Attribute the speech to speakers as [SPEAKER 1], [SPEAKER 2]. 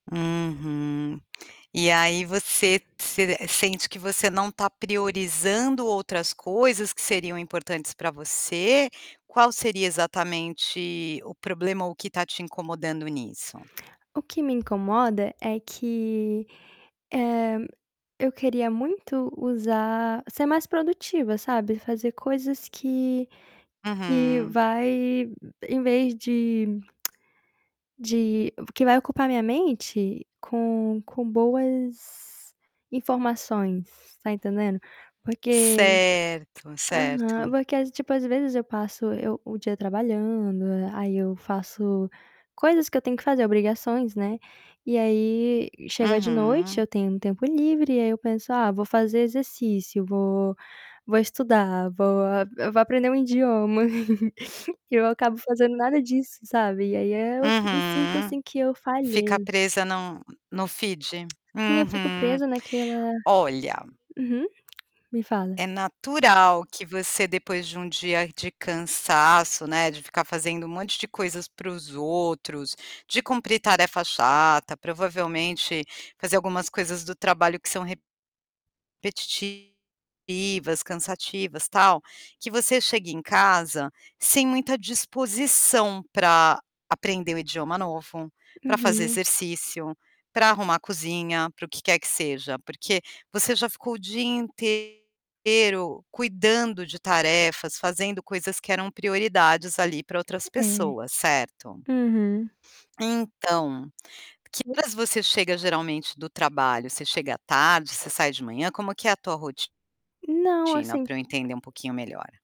[SPEAKER 1] Uhum. E aí você se sente que você não está priorizando outras coisas que seriam importantes pra você? Qual seria exatamente o problema ou o que está te incomodando nisso?
[SPEAKER 2] O que me incomoda é que, eh, eu queria muito usar ser mais produtiva, sabe, fazer coisas que que
[SPEAKER 1] Uhum.
[SPEAKER 2] vai em vez de de que vai ocupar minha mente com com boas informações, está entendendo? Porque
[SPEAKER 1] Certo,
[SPEAKER 2] Aham,
[SPEAKER 1] certo.
[SPEAKER 2] porque às tipo, às vezes eu passo eu o dia trabalhando, aí eu faço coisas que eu tenho que fazer, obrigações, né, e aí chega de noite
[SPEAKER 1] Uhum.
[SPEAKER 2] eu tenho um tempo livre e aí eu penso: "Ah, vou fazer exercício, vou vou estudar, vou eu vou aprender um idioma", e eu acabo fazendo nada disso, sabe, e aí, eh, eu me sinto
[SPEAKER 1] Uhum.
[SPEAKER 2] assim que eu
[SPEAKER 1] Fica
[SPEAKER 2] falhei.
[SPEAKER 1] presa no no feed.
[SPEAKER 2] Sim, eu fico
[SPEAKER 1] Uhum.
[SPEAKER 2] presa naquela
[SPEAKER 1] Olha
[SPEAKER 2] uhum. Me fala.
[SPEAKER 1] é natural que você depois de um dia de cansaço, né, de ficar fazendo um monte de coisas para os outros, de cumprir tarefa chata, provavelmente fazer algumas coisas do trabalho que são repetitivas, cansativas, tal, que você chega em casa sem muita disposição pra aprender um idioma novo, pra fazer
[SPEAKER 2] Uhum.
[SPEAKER 1] exercício, pra arrumar a cozinha, para o que quer que seja, porque você já ficou o dia intei ro cuidando de tarefas, fazendo coisas que eram prioridades, ali, pra outras
[SPEAKER 2] É,
[SPEAKER 1] pessoas, certo?
[SPEAKER 2] uhum.
[SPEAKER 1] Então, que horas você chega, geralmente, do trabalho? Você chega à tarde, você sai de manhã, como que é a tua ro
[SPEAKER 2] Não,
[SPEAKER 1] tina
[SPEAKER 2] assim
[SPEAKER 1] pra eu entender um pouquinho melhor?